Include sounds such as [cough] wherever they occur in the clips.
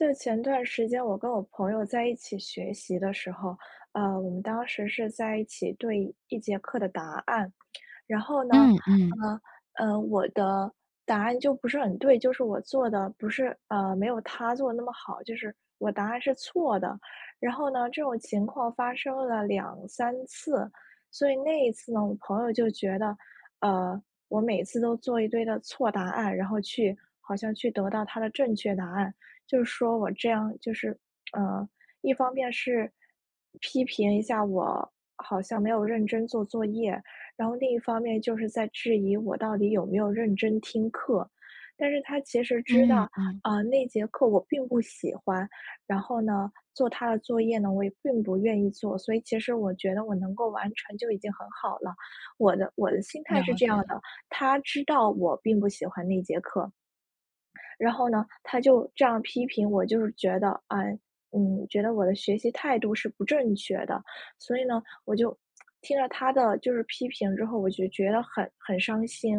就前段时间我跟我朋友在一起学习的时候，呃，我们当时是在一起对一节课的答案。然后呢，嗯嗯。呃呃，我的答案就不是很对，就是我做得不是，呃，没有他做得那么好，就是我答案是错的。然后呢，这种情况发生了2-3次。所以那一次呢，我朋友就觉得，呃，我每次都做一堆的错答案，然后去好像去得到他的正确答案。就是说我这样就是，呃一方面是批评一下我，好像没有认真做作业，然后另一方面就是在质疑我到底有没有认真听课。但是他其实知道，嗯嗯。呃，那节课我并不喜欢，然后呢做它的作业呢，我也并不愿意做。所以其实我觉得我能够完成就已经很好了，我的我的心态了是这样解。的。他知道我并不喜欢那节课。然后呢，他就这样批评我，就是觉得，唉，嗯，觉得我的学习态度是不正确的。所以呢，我就听了他的就是批评之后，我就觉得很很伤心。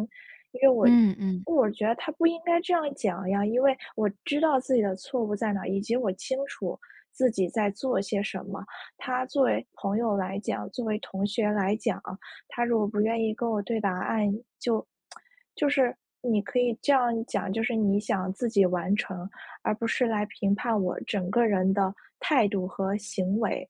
因为我嗯嗯。我觉得他不应该这样讲呀，因为我知道自己的错误在哪儿，以及我清楚自己在做些什么。他作为朋友来讲，作为同学来讲，他如果不愿意跟我对答案，就- [tsk] 就是你可以这样讲，就是你想自己完成，而不是来评判我整个人的态度和行为。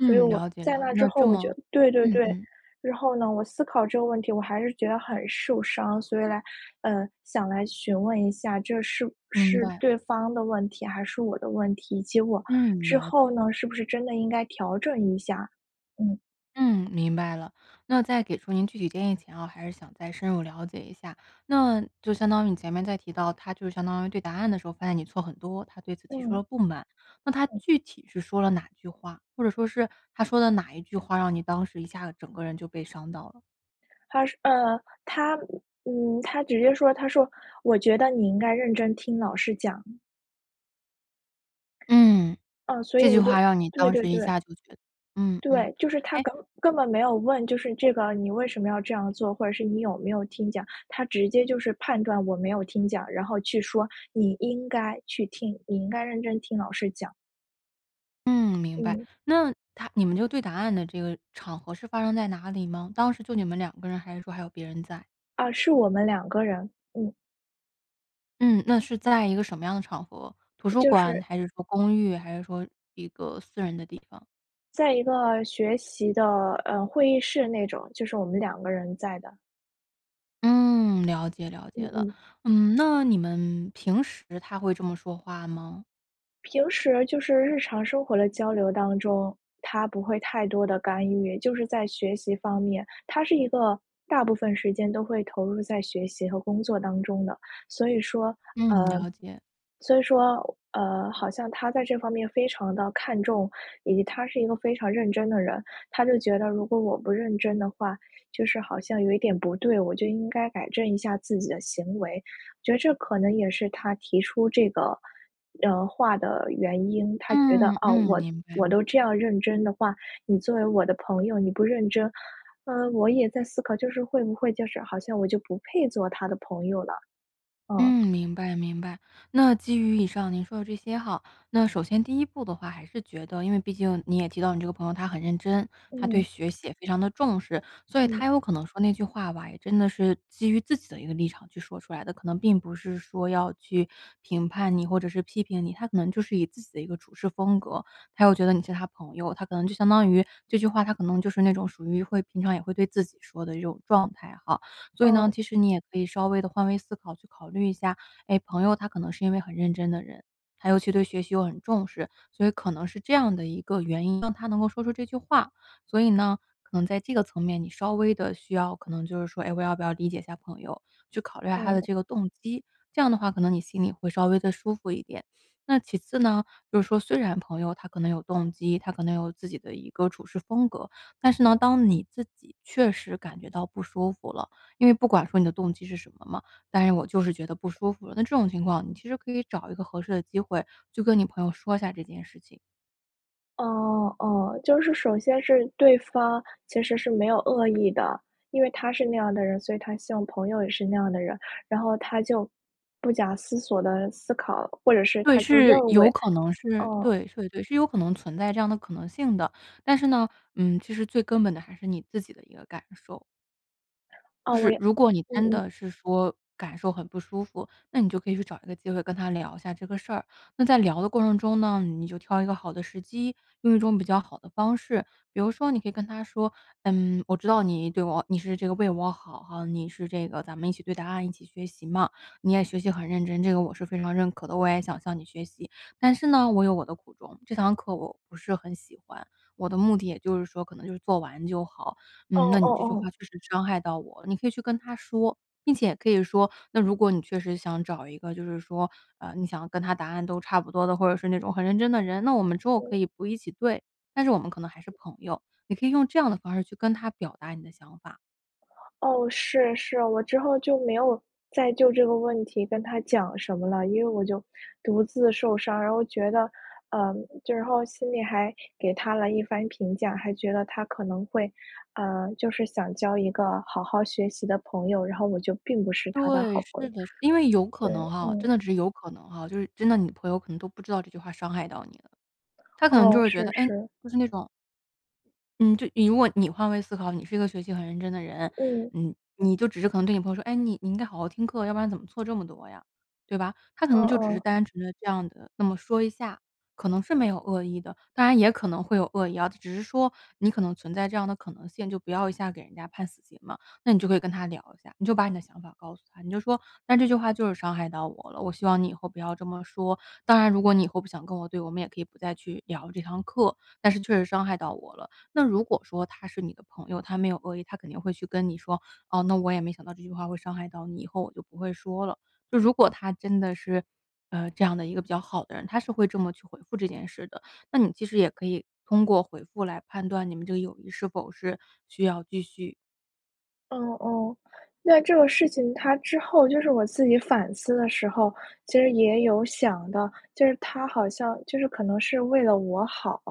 所以我，了解在了解，那之那后，这我就么对对嗯对，嗯。然后呢，我思考这个问题，我还是觉得很受伤。所以来，呃想来询问一下这是不明是白。对方的问题还是我的问题，结果嗯，之了后解。呢，是不是真的应该调整一下，嗯。嗯，明白了。那在给出您具体建议前哦，还是想再深入了解一下，那就相当于你前面在提到，他就相当于对答案的时候发现你错很多，他对此提出嗯。了不满。那他嗯。具体是说了哪句话，或者说是，他说的哪一句话让你当时一下子整个人就被伤到了？他是呃他嗯，他直接说，他说：“我觉得你应该认真听老师讲。”嗯。啊，所以这句我话就让你对当对时一对。下就觉得嗯嗯。对，就是他哎根根本没有问，就是这个你为什么要这样做？或者是你有没有听讲？他直接就是判断我没有听讲，然后去说：“你应该去听，你应该认真听老师讲。”嗯，明白。嗯。那他你们就对答案的这个场合，是发生在哪里吗？当时就你们2个人，还是说还有别人在？啊，是我们2个人。嗯。嗯，那是在一个什么样的场合？图呃，书就馆是还是说公寓，还是说一个私人的地方？在一个学习的，呃，会议室那种，就是我们2个人在的。嗯，了解了解嗯了。嗯。嗯，那你们平时他会这么说话吗？平时就是日常生活的交流当中，他不会太多地干预。就是在学习方面。他是一个大部分时间都会投入在学习和工作当中的，所以说，嗯，呃了解。所以说，呃好像他在这方面非常地看重。以及他是一个非常认真的人，他就觉得如果我不认真的话，就是好像有一点不对，我就应该改正一下自己的行为，我觉得这可能也是他提出这个，呃话的原因。他觉得，嗯哦，嗯，我明白我都明这白。样认真的话，你作为我的朋友你不认真。呃我也在思考就是会不会就是好像我就不配做他的朋友了，嗯。嗯，明白明白。那基于以上您说的这些哈，那首先第一步的话还是觉得因为毕竟你也提到你这个朋友他很认真，他对嗯。学习也非常地重视，所以嗯。他有可能说那句话吧，也真的是基于自己的一个立场去说出来的。可能并不是说要去评判你或者是批评你，他可能就是以自己的一个处事风格，他又觉得你是他朋友。他可能就相当于这句话，他可能就是那种属于会平常也会对自己说的一种状态哈。所以呢，哦。其实你也可以稍微地换位思考，去考虑一下，哎，朋友他可能是因为很认真的人，他尤其对学习又很重视，所以可能是这样的一个原因，让他能够说出这句话。所以呢，可能在这个层面，你稍微地需要可能就是说，哎，我要不要理解一下朋友，去考虑下他的哦。这个动机。这样的话可能你心里会稍微地舒服一点。那其次呢，就是说虽然朋友他可能有动机，他可能有自己的一个处事风格，但是呢，当你自己确实感觉到不舒服了，因为不管说你的动机是什么嘛，但是我就是觉得不舒服了，那这种情况，你其实可以找一个合适的机会去跟你朋友说一下这件事情。哦哦，就是首先是，对方其实是没有恶意的，因为他是那样的人，所以他希望朋友也是那样的人，然后他就不假思索地思考，或者是对，他就是认为有可能是，啊。对对对，是有可能存在这样的可能性的。但是呢，嗯，其实最根本的还是你自己的一个感受。哦，就我是也如果你嗯真嗯。的是说，感受很不舒服，那你就可以去找一个机会跟他聊一下这个事儿。那在聊的过程中呢，你就挑一个好的时机，用一种比较好的方式。比如说你可以跟他说：“嗯，我知道你对我你是这个为我好哈，你是这个咱们一起对答案、一起学习嘛，你也学习很认真，这个我是非常认可的，我也想向你学习。但是呢，我有我的苦衷，这堂课我不是很喜欢。我的目的，也就是说，可能就是做完就好。哦嗯，那哦你这句话哦。确实伤害到我。”你可以去跟他说。并且可以说：“那如果你确实想找一个，就是说，呃你想跟他答案都差不多的，或者是那种很认真的人，那我们之后嗯。可以不一起对，但是我们可能还是朋友。“你可以用这样的方式，去跟他表达你的想法。哦，是，是，我之后就没有再就这个问题跟他讲什么了。因为我就独自受伤，然后觉得，呃就然后心里还给他了一番评价，还觉得他可能会，呃，就是想交一个好好学习的朋友，然后我就并不是他的对，好朋友。是的，是。因为有可对，能哈，真嗯。的只是有可能哈，就是真的你朋友可能都不知道这句话伤害到你了。他可能就哦，会觉是，得，唉，是。就是那种嗯，就你如果你换位思考，你是一个学习很认真的人，嗯。你你就只是可能对你朋友说：“哎，你你应该好好听课，要不然怎么错这么多呀？”对吧？他可哦，能就只是哦。单纯地这样地那么说一下，可能是没有恶意的。当然也可能会有恶意啊，只是说你可能存在这样的可能性，就不要一下给人家判死刑嘛。那你就可以跟他聊一下，你就把你的想法告诉他，你就说：“但这句话就是伤害到我了，我希望你以后不要这么说。当然如果你以后不想跟我对我们也可以不再去聊这堂课，但是确实伤害到我了。“那如果说他是你的朋友，他没有恶意，他肯定会去跟你说：“哦，那我也没想到这句话会伤害到你，以后我就不会说了。“就如果他真的是，呃，这样的一个比较好的人，他是会这么去回复这件事的，那你其实也可以通过回复来判断你们这个友谊是否是需要继续。哦哦。那这个事情它之后就是我自己反思的时候，其实也有想到，就是他好像就是可能是为了我好。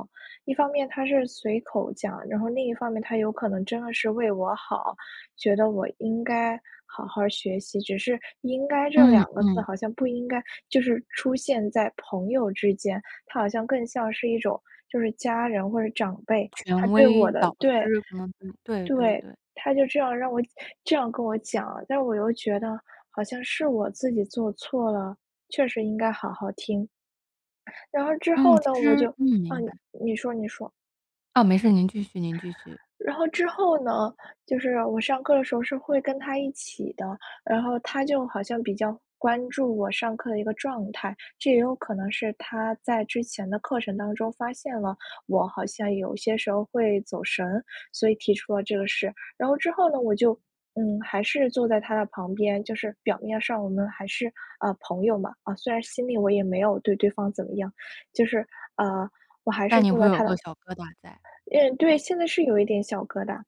一方面他是随口讲，然后另一方面他有可能真的是为我好，觉得我应该好好学习，只是应该这嗯，2个字嗯。好像不应该就是出现在朋友之间，他好像更像是一种就是家人或者长辈，权他对威我的导对师可能对对对。对。他就这样让我这样跟我讲了，但我又觉得好像是我自己做错了，确实应该好好听。然后之嗯，后呢，其我实就嗯啊明白。你说你说。啊，没事，您继续您继续。然后之后呢，就是我上课的时候是会跟他一起的，然后他就好像比较关注我上课的一个状态，这也有可能是他在之前的课程当中发现了我好像有些时候会走神儿，所以提出了这个事。然后之后呢，我就嗯还是坐在他的旁边，就是表面上我们还是呃朋友嘛，虽然心里我也没有对对方怎么样就是呃我还是但你坐会在他有的个小疙瘩在。因为对，现在是有一点小疙瘩。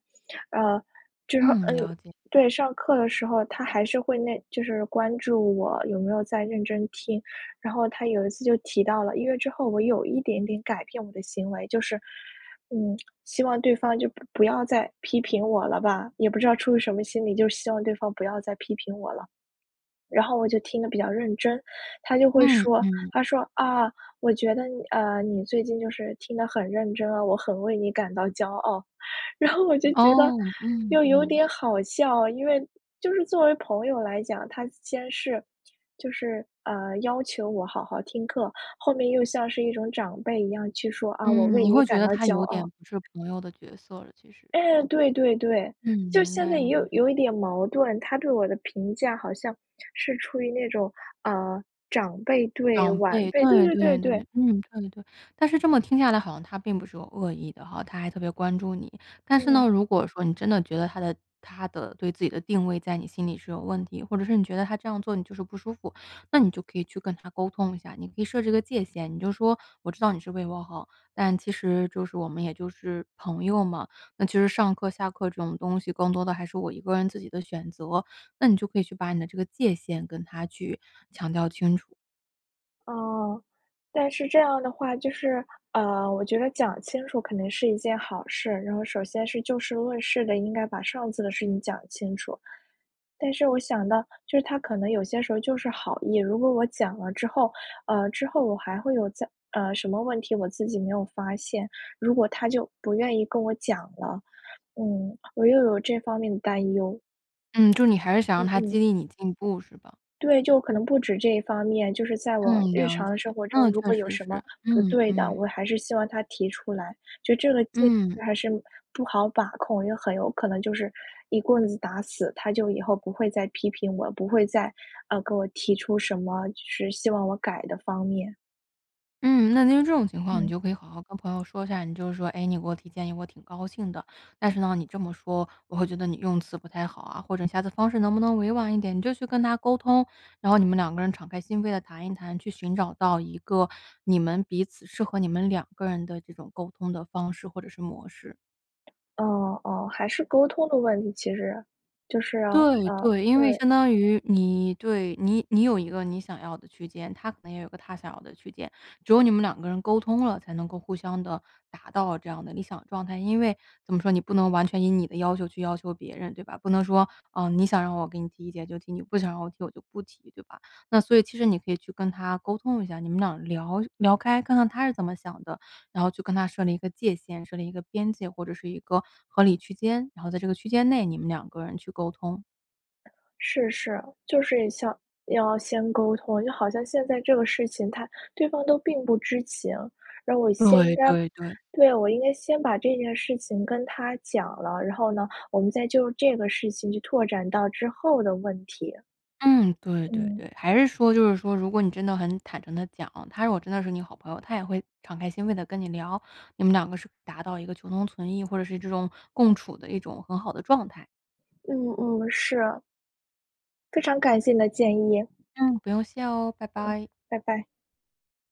呃之后嗯，呃了解。对，上课的时候，他还是会那就是关注我有没有在认真听，然后他有一次就提到了因为之后我有一点点改变我的行为，就是嗯希望对方就不不要再批评我了吧，也不知道出于什么心理，就希望对方不要再批评我了。然后我就听得比较认真，他就会嗯说嗯。他说：“啊我觉得你呃你最近就是听得很认真啊，我很为你感到骄傲。“然后我就觉得哦，嗯又有嗯。点好笑，因为就是作为朋友来讲，他先是就是呃要求我好好听课，后面又像是一种长辈一样去说：“啊，我嗯，为你你会觉感得到他骄有点傲。”不是朋友的角色，其实。哎，对对对。嗯，就明现白在也有明白。有一点矛盾，他对我的评价好像是处于那种呃长辈对长晚辈，辈，对对对对对对对。对，嗯，对对。但是这么听下来好像他并不是有恶意的哈，他还特别关注你。但是嗯。呢，如果说你真的觉得他的他的对自己的定位在你心里是有问题，或者是你觉得他这样做你就是不舒服，那你就可以去跟他沟通一下，你可以设置一个界限，你就说我知道你是为我好，但其实就是我们也就是朋友嘛，那其实上课下课这种东西更多的还是我一个人自己的选择，那你就可以去把你的这个界限跟他去强调清楚。哦。但是这样的话就是，呃，我觉得讲清楚可能是一件好事。然后首先是就事论事的，应该把上次的事情讲清楚。但是我想到，就是他可能有些时候就是好意，如果我讲了之后，呃之后我还会有再，呃什么问题，我自己没有发现，如果他就不愿意跟我讲了。嗯，我又有这方面的担忧。嗯，就你还是想让嗯他嗯。激励你进步，是吧？对，就可能不止这一方面，就是在我嗯，日了常解。生活中，嗯，如果确有实什么是，不嗯对的，我嗯。还是希望他提出来。就这个界嗯。限还是不好把控，也很有可能就是一棍子打死，他就以后不会再批评我，不会再，呃，给我提出什么就是希望我改的方面。嗯，那听这种情况，你嗯。就可以好好跟朋友说一下。你就是说：“哎，你给我提建议，我挺高兴的，但是呢，你这么说，我会觉得你用词不太好啊，或者下次方式能不能委婉一点？”你就去跟他沟通，然后你们两个人敞开心扉地谈一谈，去寻找到一个，你们彼此适合你们两个人的这种，沟通的方式或者是模式。哦哦，还是沟通的问题，其实，就是，对呃对。因为对。相当于你，对，你你有一个你想要的区间，他可能也有一个他想要的区间，只有你们两个人沟通了，才能够互相的达到这样的理想状态。因为怎么说，你不能完全以你的要求去要求别人，对吧？不能说：“啊，你想让我给你提意见就提，你不想让我提我就不提，”对吧？那所以其实你可以去跟他沟通一下，你们俩聊聊开，看看他是怎么想的，然后就跟他设立一个界限，设立一个边界，或者是一个合理区间，然后在这个区间内，你们两个人去沟通。是是，就是想要先沟通，就好像现在这个事情，他对方都并不知情，然后我先应对该对对。对，我应该先把这件事情跟他讲了，然后呢，我们再就这个事情去拓展到之后的问题。嗯，对对嗯。对，还是说就是说如果你真的很坦诚地讲，他如果真的是你好朋友，他也会敞开心扉地跟你聊，你们两个是达到一个求同存异，或者是这种，共处的一种很好的状态。嗯嗯，是。非常感谢你的建议。嗯，不用谢哦，拜嗯，拜。拜拜。